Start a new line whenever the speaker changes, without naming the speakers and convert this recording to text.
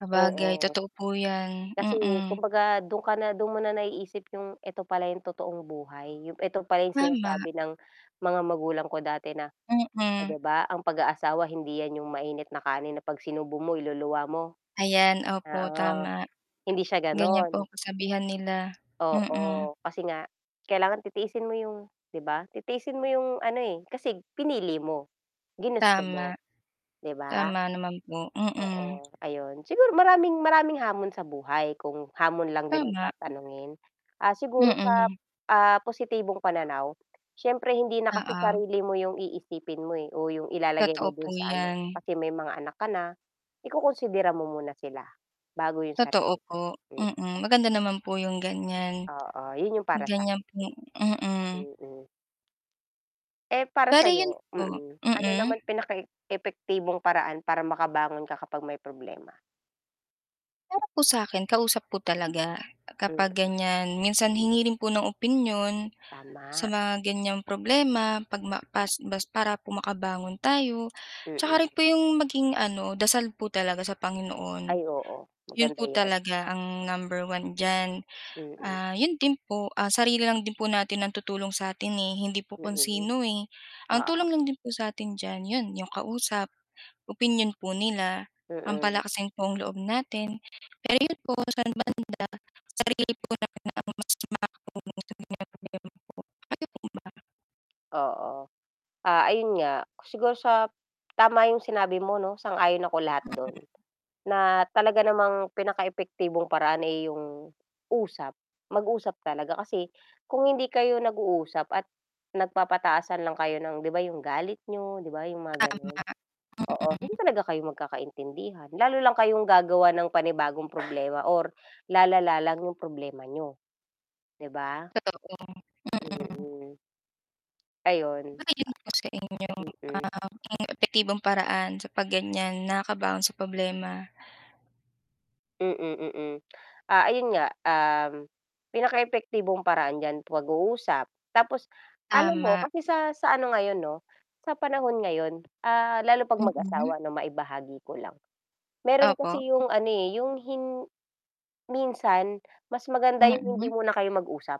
Sabagay
Oo.
totoo po 'yan,
Kasi
mm.
kumbaga dun ka na dun mo na naiisip yung eto pala yung totoong buhay, yung eto pala yung
Wala.
sinasabi ng mga magulang ko dati na, oh,'
Mm.
di ba ang pag-aasawa hindi 'yan yung mainit na kanin na pag sinubo mo iluluwa mo.
Ayan, opo
Oo,
tama.
hindi siya
Gan'yan po
gano'n.
kasabihan nila, mm.
Oo, kasi nga kailangan titiisin mo yung, 'di ba titiisin mo yung ano, eh, kasi pinili mo, ginusto
Tama.
mo 'di ba?
Tama naman po, mm.
Oo, ayon siguro maraming, maraming hamon sa buhay kung hamon lang din ang
Tama.
tatanungin, ah, siguro sa,
Mm.
ah, positibong pananaw, siyempre hindi na kasi
Oo.
sarili mo yung iisipin mo, eh, o yung ilalagay
Totoo
mo
po
dun sa ano
'yan.
kasi may mga anak ka na, ikokonsidera mo muna sila bago yung
Totoo
sarili
po,
ko, hmm
mm, maganda naman po yung gan'yan,
Oo, yun yung para sa
gan'yan po, mm.
Mm. Eh, para
Pero 'yon
sa'yo,
po,
mm, ano naman
mm.
pinaka epektibong paraan para makabangon ka kapag may problema.
Pero po sa'kin kausap po talaga kapag
Mm.
gan'yan, minsan hingi rin po ng opinyon, sa
Tama.
mga gan'yang problema pag ma pas bas para po makabangon tayo, tsaka rin
Hmm.
po yung maging ano dasal po talaga sa Panginoon,
Ay, oo
'yon
maganda
po
'yan.
talaga ang number 1 diyan.
Mm.
Ah 'yon din po, ah, sarili lang din po natin ang tutulong sa atin, eh, hindi po kung
Mm.
sino, eh. Ang tulong
Oo.
lang din po satin dyan yun yung kausap, opinyon po nila ang
Mm.
palakasin pong loob natin pero 'yon po sa talaga sarili lang din po ang makakatulong sa atin, kayo po ba?
Oo, ah, ayun nga siguro sa tama yung sinabi mo 'no, sang-ayon ako lahat do'n,
Mm.
na talaga namang pinaka epektibong paraan, eh, yung usap, mag-usap talaga kasi kung hindi kayo nag-uusap at nagpapataasan lang kayo ng, 'di ba yung galit niyo, 'di ba yung mga gano'n. Oo, hindi
Tama.
talaga kayo magkakaintindihan, lalo lang kayong gagawa ng panibagong problema or lalala lang 'yong problema niyo, 'di ba?
Totoo, mm.
Mm. Ayun.
Gano'n po sa inyo,
Mm.
ah, epektibong paraan sa pag gan'yan nakabaon sa problema.
Mm, mm, ah, ayun nga, um, pinakaepektibong paraan diyan, pag-uusap, tapos, alam mo
Tama.
kasi sa sa ano ngayon 'no, sa panahon ngayon, ah, lalo pag
Mm.
mag-asawa 'no, maibahagi ko lang, meron
Opo.
kasi yung ano, eh, yung hin minsan mas maganda yung hindi
Mm.
muna kayo mag-usap.